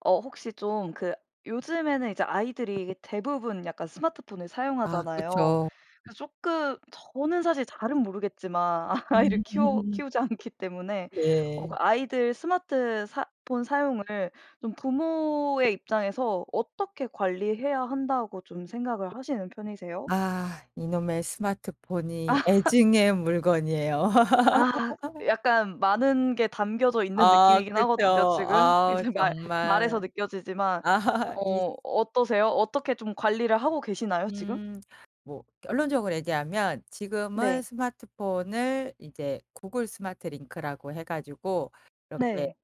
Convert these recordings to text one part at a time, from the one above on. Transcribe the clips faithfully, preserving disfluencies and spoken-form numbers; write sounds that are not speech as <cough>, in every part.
어 혹시 좀 그 요즘에는 이제 아이들이 대부분 약간 스마트폰을 아 사용하잖아요. 그쵸. 그래서 쪼끔 저는 사실 잘은 모르겠지만 아이를 키워 음. 키우지 않기 때문에. 어 예. 그 아이들 스마트 사 폰 사용을 좀 부모의 입장에서 어떻게 관리해야 한다고 좀 생각을 하시는 편이세요? 아. 이놈의 스마트폰이 <laughs> 애증의 물건이에요. 아. <laughs> 약간 많은 게 담겨져 있는 아 느낌이긴 그쵸. 하거든요 지금. 아우 이제 말 말에서 정말 느껴지지만 <laughs> 이 어 어떠세요? 어떻게 좀 관리를 하고 계시나요, 지금? 음. 뭐 결론적으로 얘기하면 지금은 네. 스마트폰을 이제 구글 스마트 링크라고 해 가지고 이렇게 네.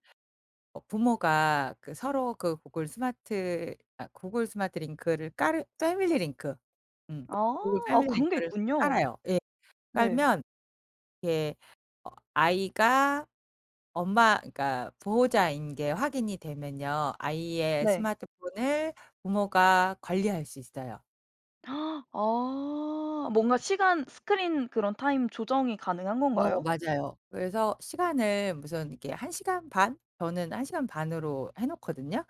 어 부모가 그 서로 그 구글 스마트 아 구글 스마트 링크를 깔으 패밀리 링크. 음. 아. 구글 아 패밀리 그런 게 링크를 있군요. 깔아요. 예. 네. 깔면 이렇게 어 아이가 엄마 그러니까 보호자인 게 확인이 되면요. 아이의 네. 스마트폰을 부모가 관리할 수 있어요. <gasps> 아. 뭔가 시간 스크린 그런 타임 조정이 가능한 어 건가요? 맞아요. 그래서 시간을 무슨 이렇게 한 시간 반? 저는 한 시간 반으로 해 놓거든요.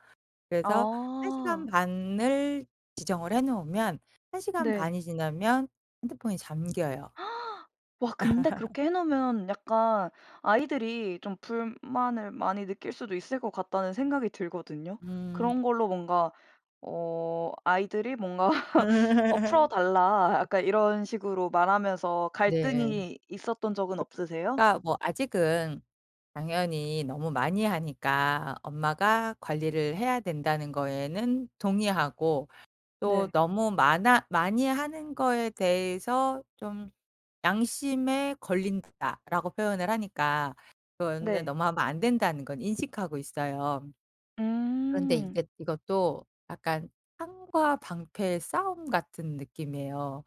그래서 한 시간 아. 반을 지정을 해 놓으면 한 시간 네. 반이 지나면 핸드폰이 잠겨요. <gasps> 와 근데 그렇게 해 <laughs> 놓으면 약간 '아이들이 좀 불만을 많이 느낄 수도 있을 것 같다.'는 생각이 들거든요? 음. 그런 걸로 뭔가 어 아이들이 뭔가 어 <laughs> "풀어달라." 약간 이런 식으로 말하면서 네. 갈등이 있었던 적은 없으세요? 그러니까 뭐 아직은 당연히 너무 많이 하니까 엄마가 관리를 해야 된다는 거에는 동의하고 또 네. 너무 많아 많이 하는 거에 대해서 좀 '양심에 걸린다.'라고 표현을 하니까 그거는 네. 너무 하면 안 된다는 건 인식하고 있어요. 그런데 음. 이게 이것도 약간 창과 방패의 싸움 같은 느낌이에요.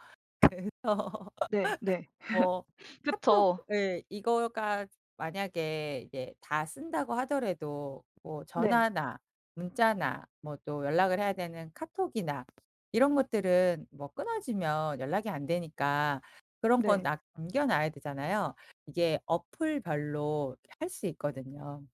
그래서 <laughs> 네. 네. <laughs> 뭐 <sniffs> 카톡 그쵸. 예, 이거가 만약에 이제 다 쓴다고 하더라도 뭐 네. 전화나, 문자나, 뭐 또 연락을 해야 되는 카톡이나 이런 것들은 뭐 끊어지면 연락이 안 되니까 그런 건 네. 남겨놔야 되잖아요. 이게 어플별로 이렇게 할 수 있거든요.